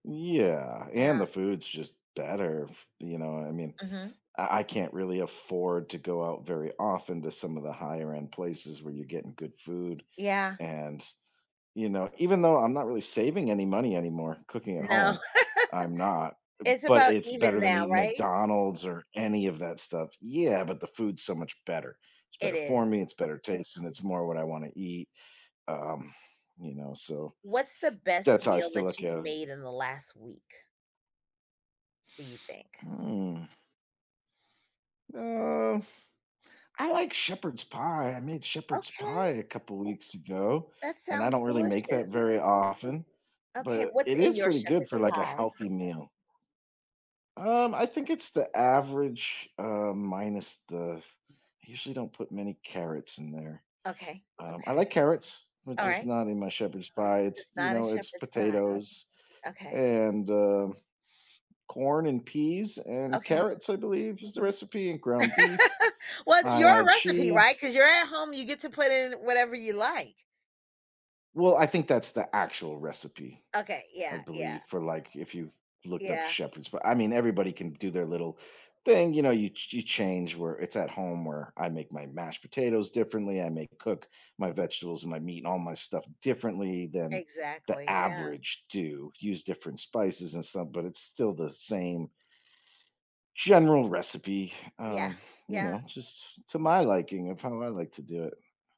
Yeah, Yeah. and the food's just better. F you know, I mean, Mhm. I I can't really afford to go out very often to some of the higher end places where you're getting good food, Yeah. and, you know, even though I'm not really saving any money anymore cooking at No. home, I'm not, It's but about it's better even than now, eating right? McDonald's or any of that stuff yeah, but the food's so much better. It's It better for is. me, it's better taste, and it's more what I wanna eat. Um, you know, so What's the best that's how I meal still that look you've at it. made in the last week do you think? Mm. Uh. I like shepherd's pie, I made shepherd's pie Okay. a couple weeks ago, That and I sounds don't really make that delicious. very often, Okay, but what's it in is your pretty good shepherd's for like a pie? healthy meal. Um, I think it's the average, uh, minus the I usually don't put many carrots in there. Okay, Um, I like okay. carrots, but just Alright. not in my shepherd's pie, it's, It's you not a know, it's shepherd's pie. potatoes Okay. and um, corn and peas and Okay. carrots, I believe, is the recipe and ground beef. Well, it's I your add recipe, right, cheese. 'cause you're at home, you get to put in whatever you like. Well, I think that's the actual recipe, Okay, I yeah, yeah. believe, for like if you've looked up Yeah. shepherds p I mean, everybody can do their little thing, you know, you you change where it's at home where I make my mashed potatoes differently, I may cook my vegetables and my meat and all my stuff differently than the Exactly, yeah. average do, use different spices and stuff, but it's still the same general recipe, Yeah. um, you Yeah. know, just to my liking of how I like to do it.